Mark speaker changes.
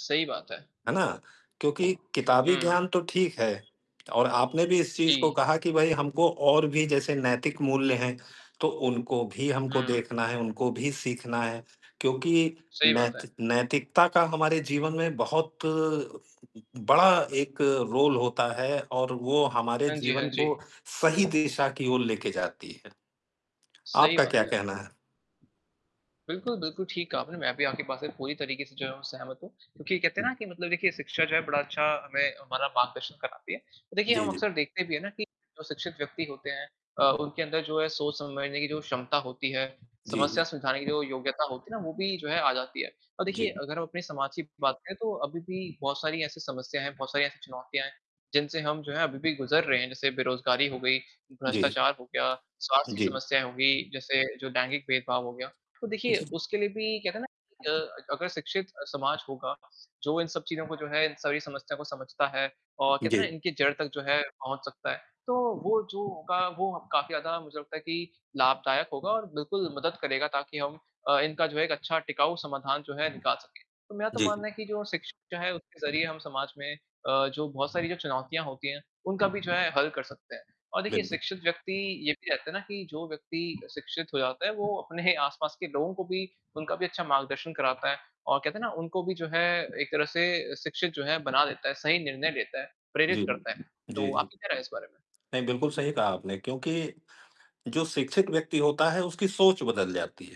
Speaker 1: सही बात है।
Speaker 2: है ना? क्योंकि किताबी
Speaker 1: हुँ।
Speaker 2: ज्ञान तो ठीक है और आपने भी इस चीज़ को
Speaker 1: जी।
Speaker 2: कहा कि भई हमको और भी जैसे नैतिक मूल्य हैं, तो उनको भी हमको
Speaker 1: हुँ।
Speaker 2: देखना है, उनको भी सीखना है क्योंकि
Speaker 1: सही बात
Speaker 2: नैत
Speaker 1: है।
Speaker 2: नैतिकता का हमारे जीवन में बहुत बड़ा एक रोल होता है और वो हमारे
Speaker 1: हाँ जी, हाँ
Speaker 2: जीवन
Speaker 1: जी।
Speaker 2: को सही दिशा की ओर लेके जाती है।
Speaker 1: सही
Speaker 2: आपका क्या
Speaker 1: बात है।
Speaker 2: कहना है?
Speaker 1: बिल्कुल, बिल्कुल ठीक कहा आपने। मैं भी आपकी बात से पूरी तरीके से जो है वो सहमत हूँ क्योंकि कहते हैं ना
Speaker 2: हुँ।
Speaker 1: कि मतलब देखिए शिक्षा जो है बड़ा अच्छा हमें हमारा मार्गदर्शन कराती है। देखिए
Speaker 2: जी,
Speaker 1: हम
Speaker 2: जी।
Speaker 1: अक्सर देखते भी हैं ना कि जो शिक्षित व्यक्ति होते हैं अ, उनके अंदर जो है सोच समझने की जो क्षमता होती है,
Speaker 2: जी।
Speaker 1: समस्या समझाने की जो योग्यता होती है ना वो
Speaker 2: [unintelligible]
Speaker 1: भी जो है आ जाती है और देखिए
Speaker 2: जी।
Speaker 1: अगर हम अपनी समाज की बात करें, तो अभी भी बहुत सारी ऐसी समस्याएँ हैं, बहुत सारी ऐसी चुनौतियाँ हैं, जिनसे हम जो है अभी भी गुज़र रहे हैं, जैसे बेरोज़गारी हो गई,
Speaker 2: जी।
Speaker 1: भ्रष्टाचार हो गया, स्वास्थ्य की
Speaker 2: जी।
Speaker 1: समस्याएँ हो गई, जैसे जो दैनिक भेदभाव हो गया। तो देखिए
Speaker 2: जी।
Speaker 1: उसके लिए भी कहते हैं ना कि अ, अगर शिक्षित अ, समाज होगा, जो इन सब चीज़ों को जो है, इन सभी समस्याओं को समझता है और कहते हैं ना
Speaker 2: जी।
Speaker 1: इनकी जड़ तक जो है पहुँच सकता है, तो वो जो होगा, वो काफ़ी ज़्यादा मुझे लगता है कि लाभदायक होगा और बिल्कुल मदद करेगा ताकि हम अ, इनका जो है एक अच्छा टिकाऊ समाधान जो है निकाल सकें। तो मेरा तो
Speaker 2: जी।
Speaker 1: मानना है कि जो शिक्षित जो हैं उनके ज़रिए हम समाज में अ, जो बहुत सारी जो चुनौतियाँ होती हैं, उनका भी जो है हल कर सकते हैं और देखिए
Speaker 2: बिल
Speaker 1: शिक्षित व्यक्ति ये भी कहते हैं ना कि जो व्यक्ति शिक्षित हो जाता है, वो अपने आस-पास के लोगों को भी उनका भी अच्छा मार्गदर्शन कराता है और कहते हैं ना उनको भी जो है एक तरह से शिक्षित जो है बना देता है, सही निर्णय लेता है, प्रेरित
Speaker 2: जी।
Speaker 1: करता है।
Speaker 2: जी,
Speaker 1: तो
Speaker 2: जी।
Speaker 1: आपकी क्या राय है इस बारे में?
Speaker 2: नहीं, बिल्कुल सही कहा आपने क्योंकि जो शिक्षिक व्यक्ति होता है उसकी सोच बदल जाती है।